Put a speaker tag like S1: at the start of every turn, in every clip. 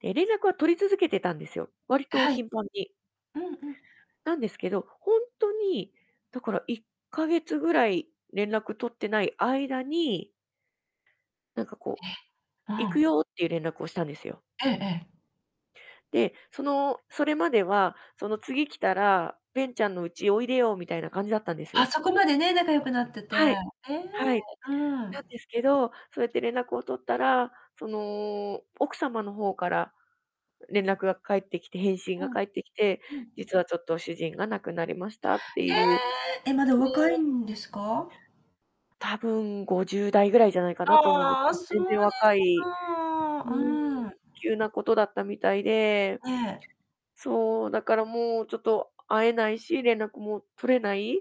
S1: で、連絡は取り続けてたんですよ。割と
S2: はい。
S1: 頻繁に。
S2: うんうん。
S1: なんですけど、ほんとに、だから1ヶ月ぐらい連絡取ってない間になんかこう
S2: ええ。う
S1: 「行く
S2: ん。
S1: よ」っていう、連絡をしたんですよ。
S2: ええええ。
S1: で、そのそれまでは「その次来たら、ベンちゃんの家おいでよ」みたいな感じだったんです
S2: あ、
S1: よ。
S2: そこまでね、仲良くなってて。
S1: はい。
S2: ええ。
S1: はい。
S2: う
S1: なん
S2: ん。
S1: ですけど、そうやって連絡を取ったら、その奥様の方から、連絡が返ってきて返信
S2: う
S1: が
S2: ん。
S1: 返ってきて
S2: うん。
S1: 「実はちょっと主人が亡くなりました」って
S2: え
S1: いう。
S2: え！え、まだお
S1: も
S2: 若い
S1: う。
S2: んですか？
S1: たぶん50代ぐらいじゃないかなと思うんです、
S2: ああ、
S1: 多分
S2: そうで
S1: 全然若
S2: す
S1: い
S2: か。
S1: う
S2: う
S1: ん、
S2: ーん。
S1: 急なことだったみたいで。
S2: ええ。
S1: そう、だからもうちょっと会えないし、連絡も取れないっ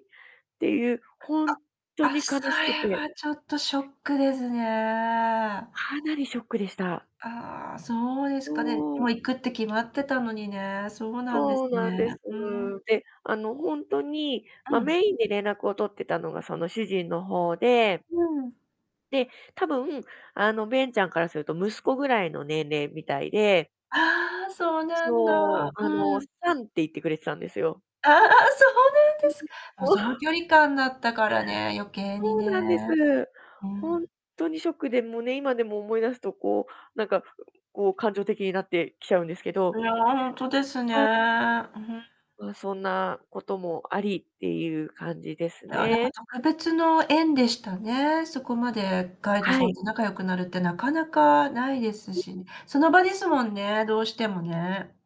S1: ていう、ほんっと
S2: あ、あ。あ、
S1: に悲
S2: そ
S1: しく
S2: れ
S1: て。
S2: はちょっとショックですね。
S1: かなりショックでした。
S2: ああ、そうですか。ね、
S1: も
S2: も
S1: う。
S2: う行くって決まってたのにね。そうなんで
S1: そ
S2: す
S1: うなん
S2: ね。
S1: です。
S2: ふーん。
S1: で、あの、ほんとに、
S2: う
S1: ま、
S2: ん。
S1: メインで連絡を取ってたのが、その主人の方で
S2: うん。
S1: で、多分、あの、ベンちゃんからすると、息子ぐらいの年齢みたいで
S2: ああ、そうなんだ。
S1: そう、あ
S2: う
S1: の
S2: ん。
S1: サンって言ってくれてたんですよ。
S2: ああ、そうなん
S1: う
S2: で
S1: ん。
S2: すか。もう
S1: もう。
S2: その距離感だったからね、余計に
S1: そうなんで
S2: ね。
S1: す。
S2: う
S1: ほん
S2: ん。
S1: とにショックで、もうね、今でも思い出すとこう、なんかこう感情的になってきちゃうんですけ
S2: い
S1: ど。
S2: や、ほんとですね。
S1: まあ。
S2: う、ふん。
S1: ま、そんなこともありっていう感じです
S2: いや、なんか
S1: ね。
S2: 特別の縁でしたね。そこまでガイド
S1: は
S2: さ
S1: い。
S2: んと仲良くなるって、なかなかないです
S1: うん。
S2: し。その場ですもんね、どうしてもね。